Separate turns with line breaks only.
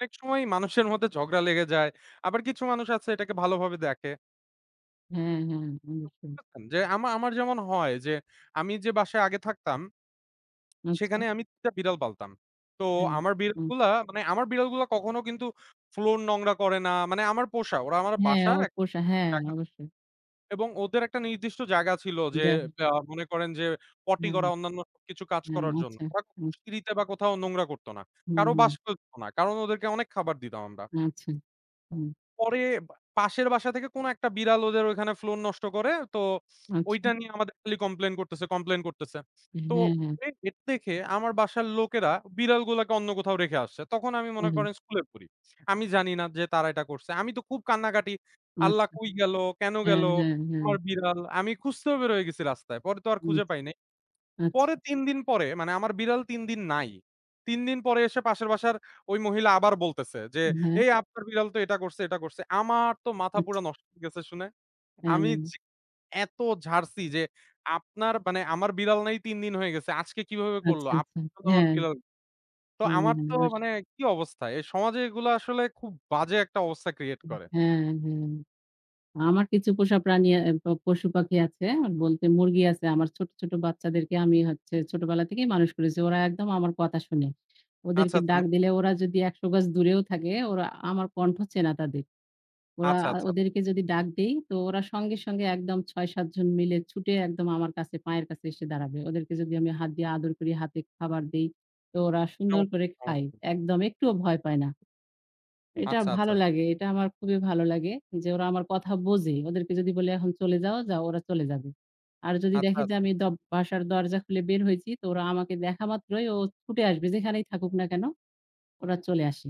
অনেক সময়ই মানুষের মধ্যে ঝগড়া লেগে যায়। আবার কিছু মানুষ আছে এটাকে ভালোভাবে দেখে।
হ্যাঁ, হ্যাঁ, [unintelligible]
[unintelligible] যে আমা আমার যেমন হয় যে আমি যে বাসায় আগে থাকতাম
আচ্ছা।
সেখানে আমি ৩ টা বিড়াল পালতাম। তো
হ্যাঁ।
আমার
হুম।
বিড়ালগুলা মানে আমার বিড়ালগুলা, মানে কখনো কিন্তু floor নোংরা করে না। মানে আমার পোষা ওরা আমার
হ্যাঁ,
বাসার
ওর
এক
পোষা, হ্যাঁ
জায়গা
অবশ্যই।
এবং ওদের একটা নির্দিষ্ট জায়গা ছিল যে
জানি।
অ্যা মনে করেন যে potty
হ্যাঁ।
করা, অন্যান্য সবকিছু কাজ
হ্যাঁ,
করার জন্য।
আচ্ছা।
ওরা কখনো
হুম।
সিঁড়িতে বা কোথাও নোংরা করত না।
হুম,
কারো
হুম।
বাস করত না, কারণ ওদেরকে অনেক খাবার দিতাম আমরা।
আচ্ছা। হুম।
পরে বা পাশের বাসা থেকে কোন একটা বিড়াল ওদের ওইখানে floor নষ্ট করে। তো ওইটা
আচ্ছা।
নিয়ে আমাদের খালি complain করতেছে, complain করতেছে। তো
হ্যাঁ, হ্যাঁ।
পরে এটা দেখে আমার বাসার লোকেরা বিড়ালগুলোকে অন্য কোথাও রেখে আসছে। তখন আমি মনে
হ্যাঁ, হ্যাঁ।
করেন স্কুলে পড়ি। আমি জানি না যে তারা এটা করছে। আমি তো খুব কান্নাকাটি, "আল্লাহ
আচ্ছা।
কই গেল? কেনো গেল
হ্যাঁ, হ্যাঁ, হ্যাঁ।
আমার বিড়াল?" আমি খুঁজতেও বেরিয়ে গেছি রাস্তায়। পরে তো আর
হুম।
খুঁজে পাই নাই।
আচ্ছা।
পরে ৩ দিন পরে মানে আমার বিড়াল ৩ দিন নাই। ৩ দিন পরে এসে পাশের বাসার ওই মহিলা আবার বলতেছে যে,
হ্যাঁ।
"এই আপনার বিড়াল তো এটা করছে, এটা করছে।" আমার তো মাথা
আচ্ছা।
পুরা নষ্ট হয়ে গেছে শুনে।
হ্যাঁ,
আমি
হ্যাঁ।
জী এত ঝাড়ছি যে আপনার মানে, "আমার বিড়াল নাই ৩ দিন হয়ে গেছে, আজকে কিভাবে করলো?
আচ্ছা, আচ্ছা।
আপনার তো আমার
হ্যাঁ।
বিড়াল" তো
হ্যাঁ,
আমার
হ্যাঁ।
তো
আস
মানে কি অবস্থা? এই সমাজে এগুলা আসলে খুব বাজে একটা অবস্থা create করে।
হ্যাঁ, হ্যাঁ। আমার কিছু পোষা প্রাণী, এহ পশু-পাখি আছে। বলতে মুরগি আছে। আমার ছোট, ছোট বাচ্চাদেরকে আমি হচ্ছে ছোটবেলা থেকেই মানুষ করেছি। ওরা একদম আমার কথা শোনে।
আচ্ছা,
ওদেরকে
আচ্ছা।
ডাক
মু
দিলে ওরা যদি ১০০ গজ দূরেও থাকে ওরা আমার কন্ঠ চেনা তাদের। ওরা
আচ্ছা, আচ্ছা।
ওদেরকে যদি ডাক দেই তো ওরা সঙ্গে, সঙ্গে একদম ৬, ৭ জন মিলে ছুটে একদম আমার কাছে পায়ের কাছে এসে দাঁড়াবে। ওদেরকে যদি আমি হাত দিয়ে আদর করি, হাতে খাবার দেই তো ওরা সুন্দর
চমৎকার
করে
চমৎকার।
খায়। একদম একটুও ভয় পায় না। এটা
আচ্ছা,
ভালো
আচ্ছা।
লাগে। এটা আমার খুবই ভালো লাগে যে ওরা আমার কথা বোঝে। ওদেরকে যদি বলি এখন চলে যাও, যাও, ওরা চলে যাবে। আর যদি
আচ্ছা,
দেখে যে
আচ্ছা।
আমি দ বাসার দরজা খুলে বের হয়েছি তো ওরা আমাকে দেখা মাত্রই ও ছুটে আসবে। যেখানেই থাকুক না কেনো? ওরা চলে আসে।